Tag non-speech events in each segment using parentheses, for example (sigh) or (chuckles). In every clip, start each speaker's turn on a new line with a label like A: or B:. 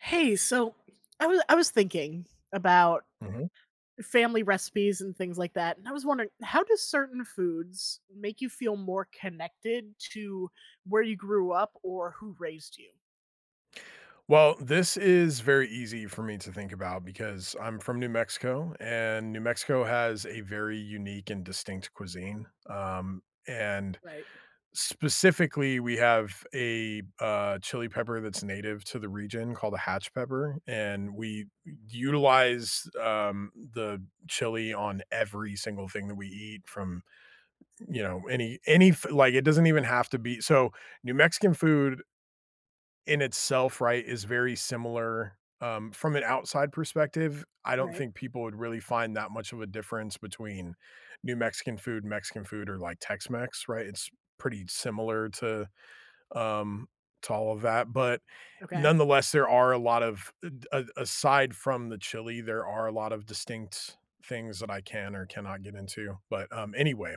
A: Hey, so, I wa I was thinking about
B: Mhm.
A: family recipes and things like that, and I was wondering, how do certain foods make you feel more connected to where you grew up or who raised you?
B: Well, this is very easy for me to think about, because I'm from New Mexico, and New Mexico has a very unique and distinct cuisine. Um, and
A: Right.
B: specifically, we have a, uh, chili pepper that's native to the region called a hatch pepper, and we utilize, um, the chili on every single thing that we eat from, you know, any any f like, it doesn't even have to be so, New Mexican food in itself, right, is very similar, um, from an outside perspective, I don't
A: Right.
B: think people would really find that much of a difference between New Mexican food, Mexican food, or, like, Tex-Mex, right? It's pretty similar to, um, to all of that, but
A: Okay.
B: nonetheless, there are a lot of d a aside from the chili, there are a lot of distinct things that I can or cannot get into. But, um, anyway,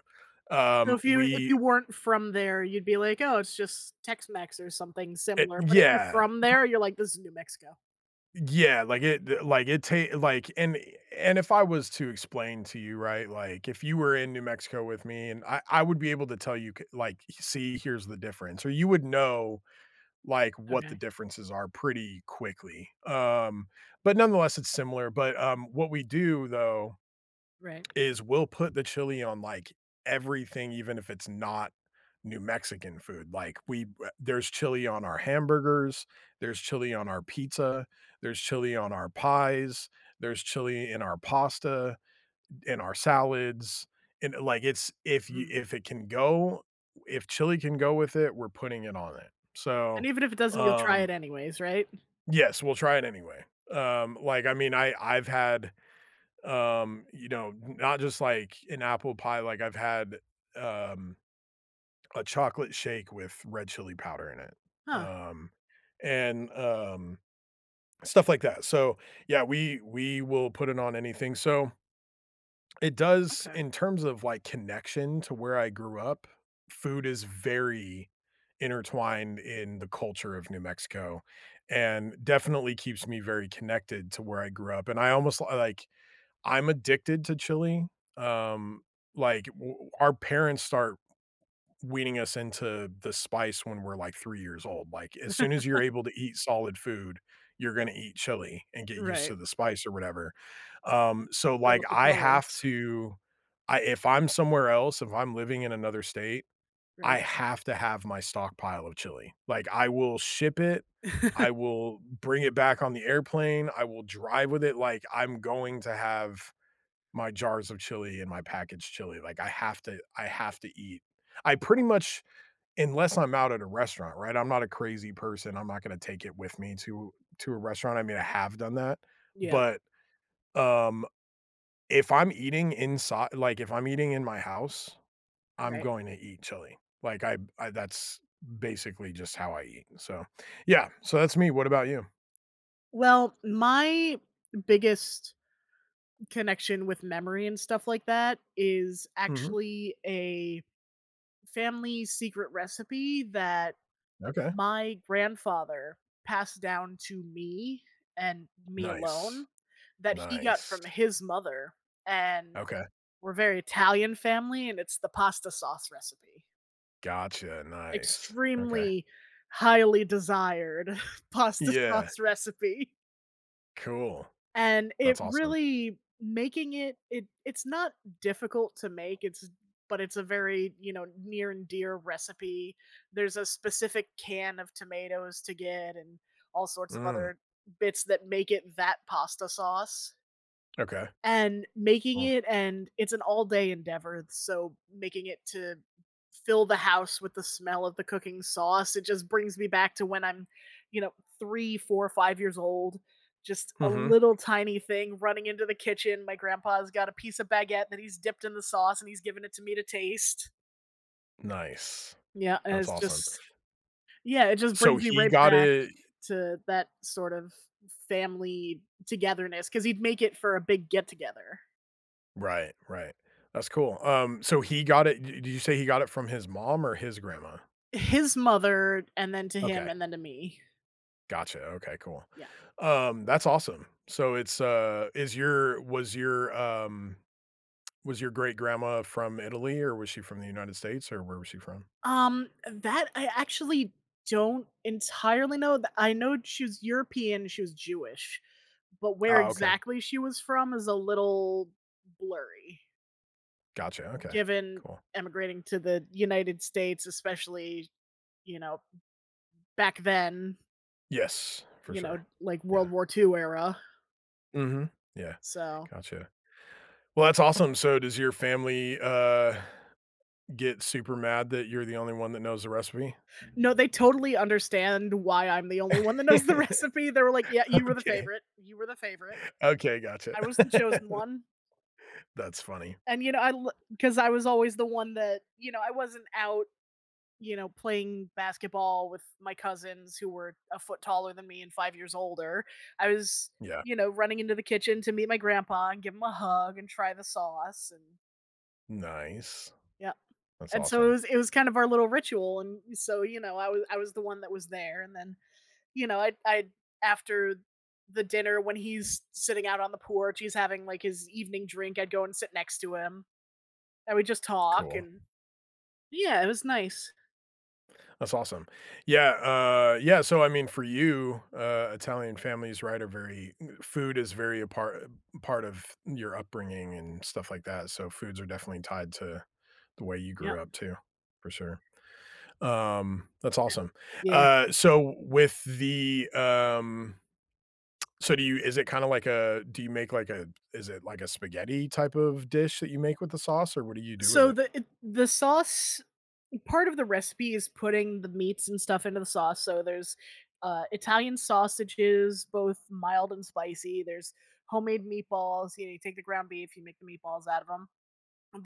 A: So
B: um,
A: if you if
B: we
A: you weren't from there, you'd be like, "Oh, it's just Tex-Mex or something
B: It
A: similar," but if you're
B: yeah,
A: from
B: pr
A: there, you're like, "This is New Mexico."
B: Yeah, like it, th like it ta like, and and if I was to explain to you, right, like, if you were in New Mexico with me, and I I would be able to tell you, c like, "See, here's the difference." Or you would know, like, what the
A: Okay.
B: differences are pretty quickly, um, but nonetheless, it's similar. But, um, what we do, though,
A: Right.
B: is we'll put the chili on like everything, even if it's not New Mexican food. Like, we w there's chili on our hamburgers, there's chili on our pizza, there's chili on our pies, there's chili in our pasta, in our salads, and, i like, it's if you
A: Mhm.
B: if it can go, if chili can go with it, we're putting it on it. So,
A: And even if it doesn't, you'll try it
B: um
A: anyways, right?
B: Yes, we'll try it anyway. Um, like, I mean, I I've had, um, you know, not just like an apple pie, like, I've had, um, a chocolate shake with red chili powder in it,
A: Huh.
B: um, and, um, stuff like that, so, yeah, we we will put it on anything, so It does
A: Okay.
B: in terms of, like, connection to where I grew up, food is very intertwined in the culture of New Mexico and definitely keeps me very connected to where I grew up, and I almost I, like, I'm addicted to chili. Um. Like, w our parents start weaning us into the spice when we're, like, 3 years old, like, as soon as you're
A: (laughs)
B: able to eat solid food, you're gonna eat chili and get used to
A: Right.
B: the spice or whatever. Um, so,
A: Build
B: like,
A: up the
B: I have
A: tolerance.
B: to I if I'm somewhere else, if I'm living in another state,
A: Right.
B: I have to have my stockpile of chili. Like, I will ship it.
A: (laughs)
B: I will bring it back on the airplane, I will drive with it, like, I'm going to have my jars of chili and my packaged chili, like, I have to I have to eat. I pretty much unless I'm out at a restaurant, right, I'm not a crazy person, I'm not gonna take it with me to to a restaurant. I mean, I have done that.
A: Yep.
B: But, um, if I'm eating insi like, if I'm eating in my house, I'm
A: Right.
B: going to eat chili. Like, I'm I that's basically just how I eat, so, yeah. So, that's me, what about you?
A: Well, my biggest connection with memory and stuff like that is
B: Mhm.
A: actually a family secret recipe that
B: Okay.
A: my grandfather passed down to me, and me alone,
B: Nice.
A: that he got
B: Nice.
A: from his mother, and
B: Okay.
A: we're very Italian family and it's the pasta sauce recipe.
B: Gotcha, nice, okay.
A: Extremely highly desired (chuckles) pasta
B: Yeah.
A: sauce recipe.
B: Cool.
A: And it
B: That's awesome.
A: really making it it it's not difficult to make, it's but it's a very, you know, near and dear recipe. There's a specific can of tomatoes to get and all sorts of
B: Mm.
A: other bits that make it that pasta sauce.
B: Okay.
A: And making
B: Oh.
A: it and it's an all-day endeavor, so making it to fill the house with the smell of the cooking sauce, it just brings me back to when I'm, you know, 3, 4, 5 years old. Just a
B: Mhm.
A: little tiny thing running into the kitchen. My grandpa's got a piece of baguette that he's dipped in the sauce and he's given it to me to taste.
B: Nice.
A: Yeah,
B: That's
A: it's
B: awesome.
A: just yeah, it just
B: So,
A: brings me
B: he
A: right
B: got
A: back
B: it
A: to that sort of family togetherness 'cause he'd make it for a big get together.
B: Right, right, that's cool. Um, so, he got it di did you say he got it from his mom or his grandma?
A: His mother, and then to him
B: Okay.
A: and then to me.
B: Gotcha, okay, cool.
A: Yeah.
B: Um, that's awesome. So it's, uh is your was your, um, was your great grandma from Italy or was she from the United States or where was she from?
A: Um, that I actually don't entirely know, th I know she was European, she was Jewish, but where
B: Oh, okay.
A: exactly she was from is a little blurry
B: Gotcha, okay,
A: given
B: cool.
A: immigrating to the United States, especially, you know, back then
B: Yes, for
A: you know,
B: sure,
A: like
B: yeah.
A: World War II era.
B: Mhm. Yeah.
A: So
B: Gotcha. Well, that's awesome. So, does your family, uh, get super mad that you're the only one that knows the recipe?
A: No, they totally understand why I'm the only one that knows the recipe, they were like, "Yeah,
B: (laughs)
A: you were the
B: Okay.
A: favorite. You were the favorite."
B: Okay. Gotcha.
A: I was the chosen
B: (laughs)
A: one.
B: That's funny.
A: And you know, I l 'cause I was always the one that you know, I wasn't out, you know, playing basketball with my cousins who were a foot taller than me and 5 years older, I was,
B: Yeah.
A: you know, running into the kitchen to meet my grandpa and give him a hug and try the sauce an
B: Nice,
A: Yep.
B: that's
A: And, so, it
B: awesome.
A: was it was kind of our little ritual and, so, you know, I wa I was the one that was there, and then, you know, I'd I'd after the dinner, when he's sitting out on the porch, he's having like his evening drink, I'd go and sit next to him. And we'd just talk
B: Cool.
A: and Yeah, it was nice.
B: That's awesome. Yeah, uh, yeah so, I mean, for you, uh, Italian families, right? Are very food is very a part part of your upbringing and stuff like that, so, foods are definitely tied to the way you
A: Yep.
B: grew up too, for sure. Um, that's awesome.
A: (unintelligible) Yeah.
B: Uh, so, with the, um so do you is it kinda like a do you make like, a is it like a spaghetti type of dish that you make with the sauce, or what do you do with
A: So,
B: it?
A: the eh the sauce part of the recipe is putting the meats and stuff into the sauce, so there's, uh, Italian sausages, both mild and spicy, there's homemade meatballs, y'know you take the ground beef, you make the meatballs out of 'em.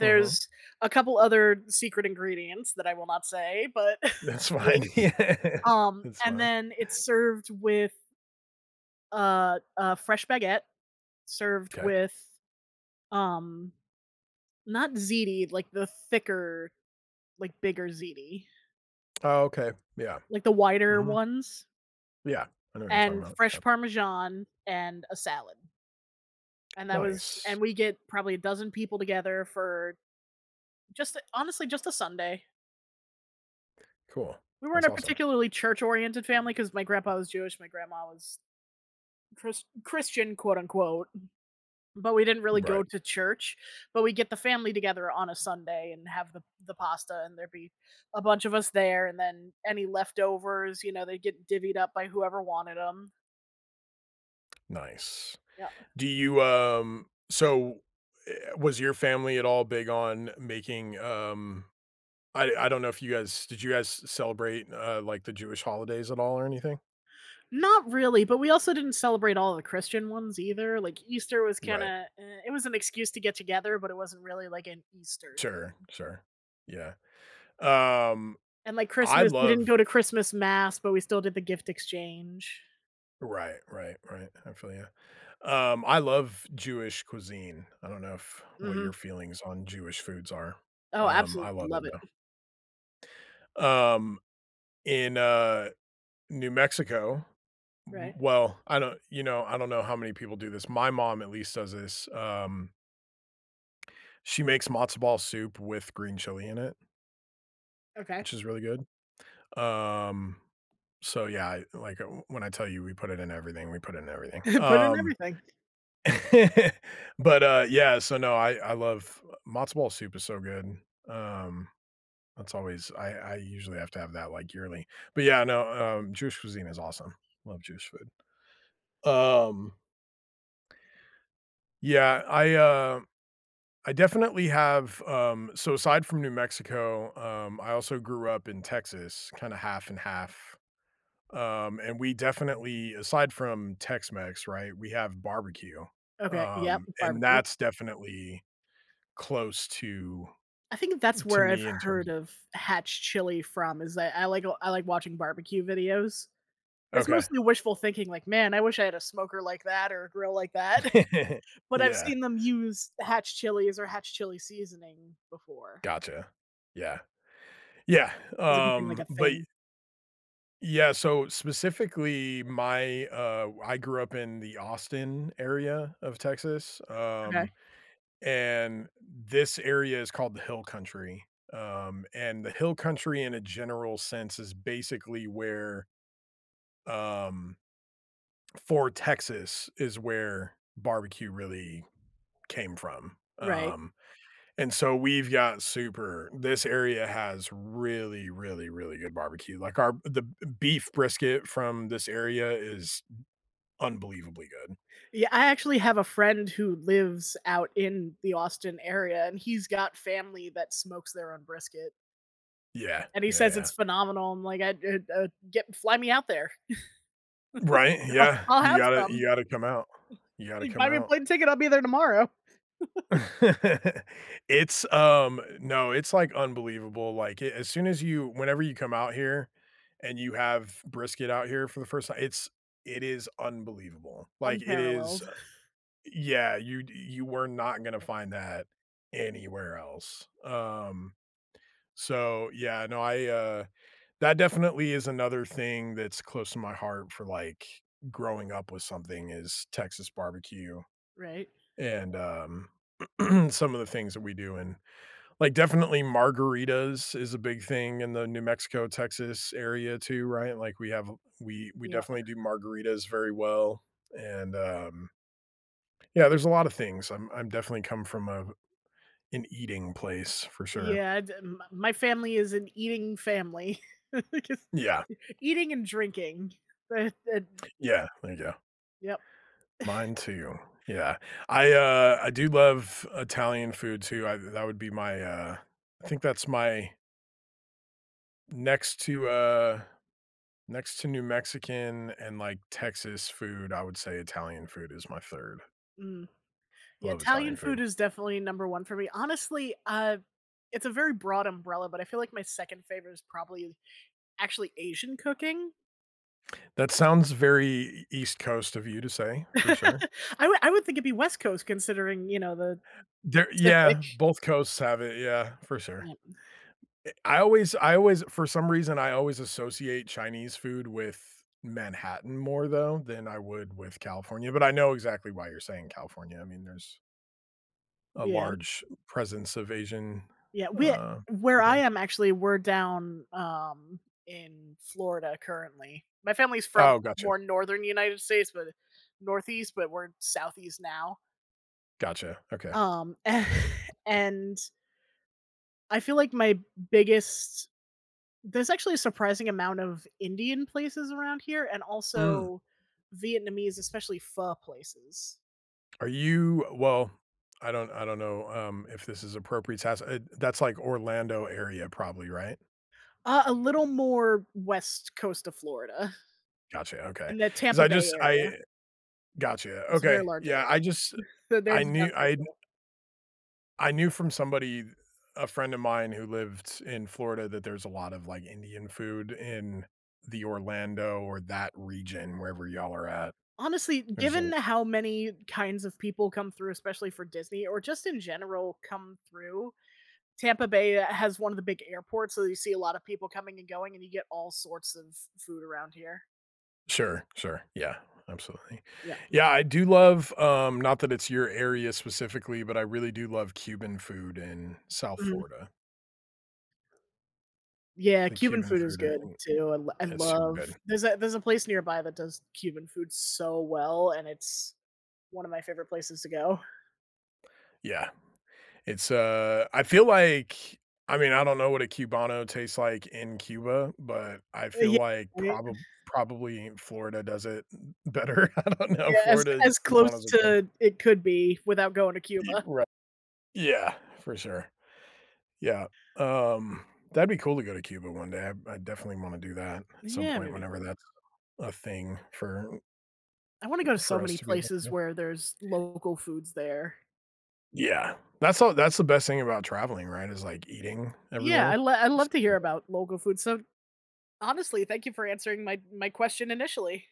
B: Mhm.
A: a couple other secret ingredients that I will not say, but (chuckles)
B: That's fine.
A: wink.
B: Yeah.
A: Um,
B: That's
A: and
B: fine.
A: then, it's served with a a fresh baguette, served
B: 'Kay.
A: with, um not ziti, like, the thicker, like, bigger ziti.
B: Oh, okay. Yeah.
A: Like the wider
B: Mhm.
A: ones
B: Yeah, I know what you're talking
A: and
B: about,
A: fresh
B: yep.
A: parmesan and a salad. And that was
B: Nice.
A: and we get probably a dozen people together for just a honestly just a Sunday.
B: Cool.
A: We weren't
B: That's
A: a
B: awesome.
A: particularly church-oriented family 'cause my grandpa was Jewish, my grandma was Chris Christian, quote unquote. But we didn't really
B: Right.
A: go to church. But we'd get the family together on a Sunday and have the the pasta and there'd be a bunch of us there and then any leftovers, you know, they get divvied up by whoever wanted 'em.
B: Nice.
A: Yeah.
B: Do you, um so, eh, was your family at all big on making, um, I I don't know if you guys did you guys celebrate, uh, like, the Jewish holidays at all or anything?
A: Not really, but we also didn't celebrate all a the Christian ones either. Like Easter was
B: Right.
A: kinda, eh, it was an excuse to get together, but it wasn't really like an Easter
B: Sure,
A: thing.
B: sure. Yeah, um,
A: And like Christmas, we didn't
B: love
A: go to Christmas mass, but we still did the gift exchange.
B: Right, right, right, I feel ya. Um, I love Jewish cuisine. I don't know if what
A: Mhm.
B: your feelings on Jewish foods are.
A: Oh,
B: Um, I
A: absolutel
B: love it
A: love it.
B: though.
A: Mm.
B: Um, in, uh, New Mexico m
A: Right.
B: well I don't you know, I don't know how many people do this. My mom at least does this. Um she makes matzo ball soup with green chili in it
A: Okay.
B: which is really good. Um. So, yeah, I like, w when I tell you we put it in everything, we put it in everything.
A: (chuckles) Put in
B: Um,
A: everything.
B: (laughs) but, uh, yeah. So, no, I I love matzo ball soup is so good. Um, that's always I I usually have to have that, like, yearly. But, yeah, no. Um, Jewish cuisine is awesome. Love Jewish food. Um Yeah. I, uh, I definitely have, um so aside from New Mexico, um, I also grew up in Texas kinda half and half. Um, and we definitely aside from Tex Mex, right, we have barbecue.
A: Okay. Yep.
B: Um, and
A: Barbecue.
B: that's definitely close to,
A: I think that's
B: to
A: where I've
B: me in terms
A: heard
B: of
A: of hatch chili from is that I like I like watching barbecue videos. It's
B: Okay.
A: mostly wishful thinking like, "Man, I wish I had a smoker like that or a grill like that."
B: (chuckles)
A: (chuckles) But I've
B: Yeah.
A: seen them use hatch chilies or hatch chili seasoning before.
B: Gotcha. Yeah. Yeah,
A: 'Cause it became like
B: um,
A: a
B: but y
A: thing.
B: Yeah. So, specifically, my, uh, w I grew up in the Austin area of Texas,
A: Okay.
B: um, and this area is called the hill country. Um, and the hill country in a general sense is basically where, um, for Texas is where barbecue really came from.
A: Right.
B: Um. And so, we've got super this area has really, really, really good barbecue. Like, our the b beef brisket from this area is unbelievably good.
A: Yeah, I actually have a friend who lives out in the Austin area, and he's got family that smokes their own brisket.
B: Yeah.
A: And he
B: Yeah,
A: says it's
B: yeah.
A: phenomenal. I'm like, "I I I'd get fly me out there.
B: Right?
A: (chuckles)
B: Yeah.
A: I'll
B: You
A: have
B: gotta
A: some."
B: you gotta come out. You gotta come
A: "Buy me a
B: out.
A: plane ticket. I'll be there tomorrow." (chuckles)
B: (chuckles) It's, um, no, it's, like, unbelievable. Like, as soon as you whenever you come out here and you have brisket out here for the first time, it's it is unbelievable. Like, it is,
A: Unparalleled. (exhales)
B: uh yeah, you you were not gonna find that anywhere else. Um. So yeah. No, I, uh, that definitely is another thing that's close to my heart for, like, growing up with something is Texas barbecue.
A: Right.
B: And um, (clears throat) some of the things that we do. And, like, definitely margaritas is a big thing in the New Mexico, Texas area too, right, like, we have we we
A: Yeah.
B: definitely do margaritas very well. And, um Yeah, there's a lotta things. I'm I'm definitely come from a an eating place for sure.
A: Yeah. Di my my family is an eating family, (chuckles) 'cause
B: Yeah.
A: eating and drinking. (unintelligible)
B: Yeah. There you go.
A: Yep. (laughs)
B: Mine too. Yeah. I, uh, I do love Italian food too. I've that would be my uh, I think that's my next to, uh, next to New Mexican and, like, Texas food, I would say Italian food is my 3rd.
A: Mm,
B: I
A: yeah,
B: love
A: Italian
B: Italian
A: food
B: food.
A: is definitely number one for me. Honestly, ah, it's a very broad umbrella, but I feel like my second favorite is probably, actually Asian cooking?
B: That sounds very E E East Coast of you to say,
A: (laughs)
B: for sure.
A: I wou I would think it'd be West Coast considering, you know, the
B: There
A: Pacific.
B: yeah, both coasts have it. Yeah, for sure.
A: Yeah.
B: Eh, I always I always for some reason, I always associate Chinese food with Manhattan more though, than I would with California, but I know exactly why you're saying California. I mean, there's a
A: Yeah.
B: large presence of Asian,
A: Yeah. Wea
B: uh,
A: where I
B: people.
A: am actually, we're down, um, in Florida currently. My family's from
B: Oh, gotcha.
A: more Northern United States, but, uh, Northeast, but we're Southeast now.
B: Gotcha, okay.
A: Um, a (chuckles)
B: (unintelligible)
A: and I feel like my biggest there's actually a surprising amount of Indian places around here and
B: Mm.
A: also Vietnamese, especially pho places.
B: Are you well, I don't I don't know, um, if this is appropriate. Has eh, that's like Orlando area probably, right?
A: Uh, a little more West Coast to Florida
B: Gotcha, okay,
A: and the
B: 'cause
A: Tampa
B: I
A: Bay
B: just
A: area.
B: I gotcha.
A: It's a very
B: Okay,
A: large
B: yeah.
A: area.
B: I
A: (chuckles)
B: just
A: So
B: I
A: there's the
B: knew,
A: downtown.
B: I kn
A: (unintelligible)
B: I knew from somebody, a friend of mine who lived in Florida that there's a lot of, like, Indian food in the Orlando, or that region, wherever y'all are at.
A: Honestly,
B: There's a
A: given how many kinds of people come through, especially for Disney or just in general come through, Tampa Bay has one of the big airports. So you see a lot of people coming and going and you get all sorts of food around here.
B: Sure, sure, yeah, absolutely.
A: Yeah.
B: Yeah, I do love, um, not that it's your area specifically, but I really do love Cuban food in South
A: Mhm.
B: Florida.
A: Yeah,
B: The
A: Cuban
B: Cuban
A: food is
B: food, a
A: good
B: uh
A: too, I l I
B: it's super
A: love
B: good.
A: there's a there's a place nearby that does Cuban food so well, and it's one of my favorite places to go.
B: Yeah, it's, uh, I feel like I mean, I don't know what a Cubano tastes like in Cuba, but I
A: Uh,
B: feel
A: ye
B: like
A: right.
B: proba probably Florida does it better. I don't know.
A: Yes, as
B: Florida,
A: as close
B: Cubanos are good.
A: to it could be without going to
B: Ye
A: Cuba.
B: right. Yeah, for sure. Yeah. Um, that'd be cool to go to Cuba one day, I I definitely wanna do that at some
A: Yeah,
B: point
A: maybe.
B: whenever that's a thing for
A: I wanna go so
B: for us
A: many
B: to be able to
A: places
B: do.
A: where there's local foods there.
B: Yeah. That's all that's the best thing about traveling, right, is like eating
A: Yeah, I
B: everywhere.
A: lo I
B: It's,
A: love to hear
B: yeah.
A: about local food, so honestly, thank you for answering my my question initially.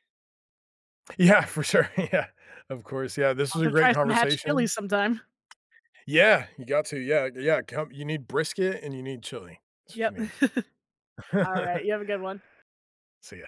B: Yeah, for sure, yeah. Of course, yeah, this
A: I'll
B: was
A: have
B: a
A: to
B: great
A: try some hatch chilis
B: conversation.
A: sometime.
B: Yeah, you got to, yeah yeah, come you need brisket and you need chili. That's what
A: Yep,
B: you need.
A: (chuckles) alright,
B: (chuckles)
A: you have a good one.
B: See ya.